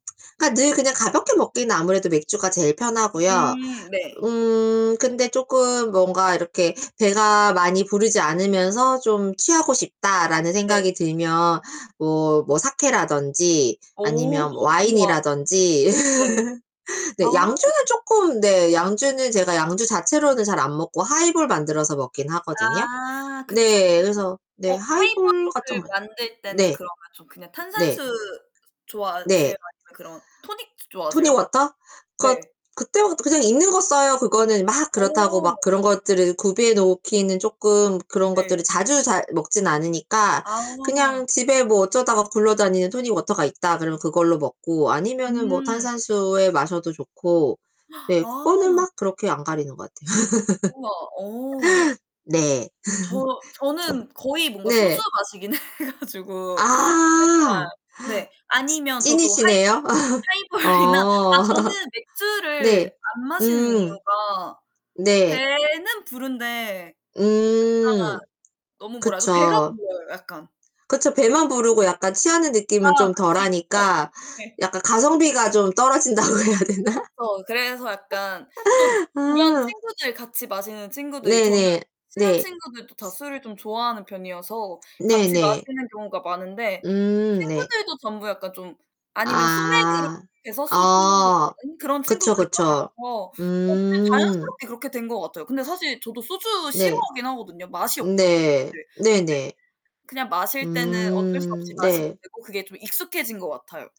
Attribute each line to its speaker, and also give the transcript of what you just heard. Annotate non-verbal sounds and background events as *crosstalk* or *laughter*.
Speaker 1: 그러니까 늘 그냥 가볍게 먹기는 아무래도 맥주가 제일 편하고요.
Speaker 2: 음 네.
Speaker 1: 음 근데 쪼금 뭔가 이렇게 '배가 많이 부르지 않으면서 좀 취하고 싶다.'라는
Speaker 2: 네.
Speaker 1: 생각이 들면 뭐 뭐 사케라든지
Speaker 2: 오
Speaker 1: 아니면
Speaker 2: *gasps* 우와.
Speaker 1: 와인이라든지
Speaker 2: 네.
Speaker 1: *laughs*
Speaker 2: 아.
Speaker 1: 네. 양주는 쪼끔 네, 양주는 제가 양주 자체로는 잘 안 먹고 하이볼 만들어서 먹긴 하거든요.
Speaker 2: 아 그쵸.
Speaker 1: 네. 그래서 네.
Speaker 2: 어
Speaker 1: 하이볼 같은
Speaker 2: 하이볼를
Speaker 1: 거
Speaker 2: 만들 때는
Speaker 1: 네.
Speaker 2: 그러면 좀 그냥
Speaker 1: 네.
Speaker 2: 탄산수 좋아하세요,
Speaker 1: 네.
Speaker 2: 아니면 그런 토닉
Speaker 1: 토닉
Speaker 2: 좋아하세요?
Speaker 1: 워터? 그
Speaker 2: 네.
Speaker 1: 그때부터 그냥 있는 거 써요. 그거는 막 그렇다고
Speaker 2: 어.
Speaker 1: 막 그런 것들을 구비해 놓기는 쪼끔 그런
Speaker 2: 네.
Speaker 1: 것들을 자주 잘 먹지는 않으니까
Speaker 2: 아.
Speaker 1: 그냥 집에 뭐 어쩌다가 굴러다니는 토닉 워터가 있다 그러면 그걸로 먹고 아니면은 뭐
Speaker 2: 음.
Speaker 1: 탄산수에 마셔도 좋고
Speaker 2: *gasps*
Speaker 1: 네 그거는
Speaker 2: 아.
Speaker 1: 막 그렇게 안 가리는 것 같아요. *laughs*
Speaker 2: 우와 어.
Speaker 1: 네.
Speaker 2: 저 저는 거의
Speaker 1: *laughs*
Speaker 2: 뭔가 소주
Speaker 1: 네.
Speaker 2: 마시긴 해 가지고
Speaker 1: 아.
Speaker 2: 약간
Speaker 1: 하.
Speaker 2: 네. 아니면 저도 하이볼?
Speaker 1: 찐이시네요. *laughs*
Speaker 2: 하이볼이나 아
Speaker 1: 어.
Speaker 2: 저는 맥주를
Speaker 1: 네.
Speaker 2: 안 마시는
Speaker 1: 음.
Speaker 2: 이유가
Speaker 1: 네.
Speaker 2: 배는 부른데 약간
Speaker 1: 음
Speaker 2: 너무 뭐라 하죠? 배가
Speaker 1: 그쵸.
Speaker 2: 불러요. 약간.
Speaker 1: 그쵸. 배만 부르고 약간 취하는
Speaker 2: 아,
Speaker 1: 느낌은 좀
Speaker 2: 그쵸. 어
Speaker 1: 덜하니까
Speaker 2: 네.
Speaker 1: 약간 가성비가 좀 떨어진다고 해야 되나?
Speaker 2: 그쵸. 그래서 약간 또
Speaker 1: *laughs*
Speaker 2: 주변
Speaker 1: 어.
Speaker 2: 친구들 같이 마시는 친구들이
Speaker 1: 네,
Speaker 2: 저는
Speaker 1: 네,
Speaker 2: 친한
Speaker 1: 네.
Speaker 2: 친구들도 다 술을 좀 좋아하는 편이어서
Speaker 1: 네,
Speaker 2: 같이
Speaker 1: 네.
Speaker 2: 마시는 경우가 많은데
Speaker 1: 음 네.
Speaker 2: 친구들도 전부 약간 좀 아니면 소맥으로
Speaker 1: 아
Speaker 2: 해서 소주는 *unintelligible*
Speaker 1: 어
Speaker 2: 그런
Speaker 1: 그쵸,
Speaker 2: 친구들이
Speaker 1: 그쵸.
Speaker 2: 많아서 어 그냥
Speaker 1: 음.
Speaker 2: 자연스럽게 그렇게 된 거 같아요. 근데 사실 저도 소주
Speaker 1: 네.
Speaker 2: 싫어하긴 하거든요. 맛이 없잖아요.
Speaker 1: 네.
Speaker 2: 네. 이제
Speaker 1: 네네.
Speaker 2: 그냥 마실 때는 어쩔 수 없이
Speaker 1: 음,
Speaker 2: 마시게
Speaker 1: 네.
Speaker 2: 되고 그게 좀 익숙해진 것 같아요.